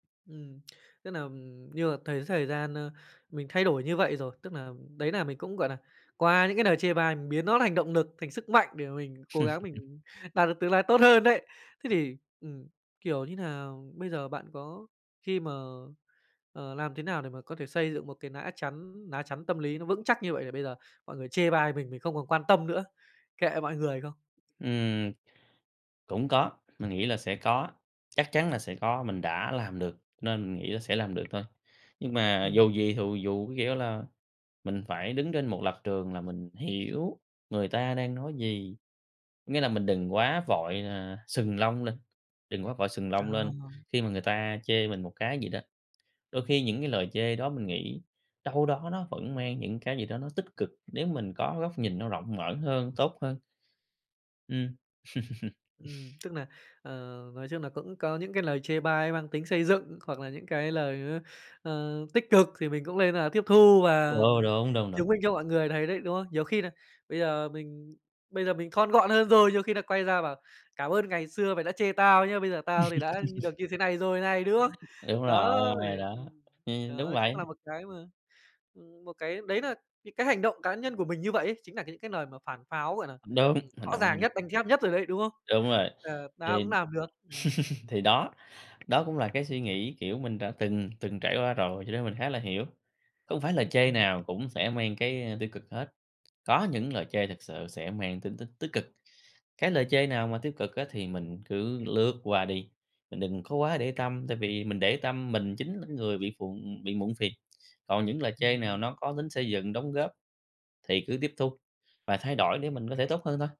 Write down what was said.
Ừm, tức nà như mà thấy thời gian, ơ, mình thay đổi như vậy rồi, tức nà, đấy nà mình cũng, gọi nà, qua những cái lời chê bai mình biến nó thành động nực, thành sức mạnh để mà mình cố gắng mình đạt được tương lai tốt hơn đấy. Thế thì, ừm, kiểu như nà, bây giờ bạn có khi mà ờ, làm thế nào để mà có thể xây dựng một cái nã chắn ná chắn tâm lý nó vững chắc như vậy, để bây giờ mọi người chê bai mình mình không còn quan tâm nữa, kệ mọi người không? Ừm, cũng có, mình nghĩ là sẽ có, chắc chắn là sẽ có. Mình đã làm được nên mình nghĩ là sẽ làm được thôi. Nhưng mà dù Ừm. gì thù dù, có nghĩa là mình phải đứng trên một lập trường là mình hiểu người ta đang nói gì, có nghĩa là mình đừng quá vội là sừng lông lên, đừng quá vội sừng Ờ. lông lên khi mà người ta chê mình một cái gì đó. Đôi khi những cái lời chê đó mình nghĩ đâu đó nó vẫn mang những cái gì đó nó tích cực, nếu mình có góc nhìn nó rộng mở hơn, tốt hơn. Ừm. Ừm, tức nà, ờ, nói chung nà cũng có những cái lời chê bai mang tính xây dựng hoặc là những cái lời, ừ, ờ, tích cực thì mình cũng lên là tiếp thu Ừ, và đúng, đúng, đúng. chứng minh cho mọi người thấy đấy, đúng không? Nhiều khi nà bây giờ mình bây giờ mình thon gọn hơn rồi, nhiều khi là quay ra bảo: "Cảm ơn ngày xưa mày đã chê tao nhớ, bây giờ tao thì đã như được như thế này rồi này", đúng không? Đúng Đó, rồi, thì đó, ừm, ừm, đúng đó cũng vậy. là một cái mà, ừm, một cái đấy nà những cái hành động cá nhân của mình như vậy ấy chính nà những cái lời mà phản pháo, gọi nà, [unintelligible] đúng, ừm, hành rõ động ràng [unintelligible] nhất, đanh thép nhất rồi đấy, đúng không? Đúng rồi, Ờ, "Tao thì cũng làm được", ừm. thì đó, đó cũng là cái suy nghĩ, kiểu, mình đã từng, từng trải qua rồi cho nên mình khá là hiểu. Không phải lời Ừm, chê ừm. nào cũng sẽ mang cái, ờ, tiêu cực hết, có những lời chê thực sự sẽ mang tính tích tích cực. Cái lời chê nào mà tiêu cực á thì mình cứ lướt qua đi, mình đừng có quá để tâm, tại vì mình để tâm, mình chính là người bị phụ bị muộn phiền, còn những lời chê Ừm, nào ừm. nó có tính xây dựng đóng góp thì cứ tiếp thu và thay đổi để mình có thể tốt hơn thôi.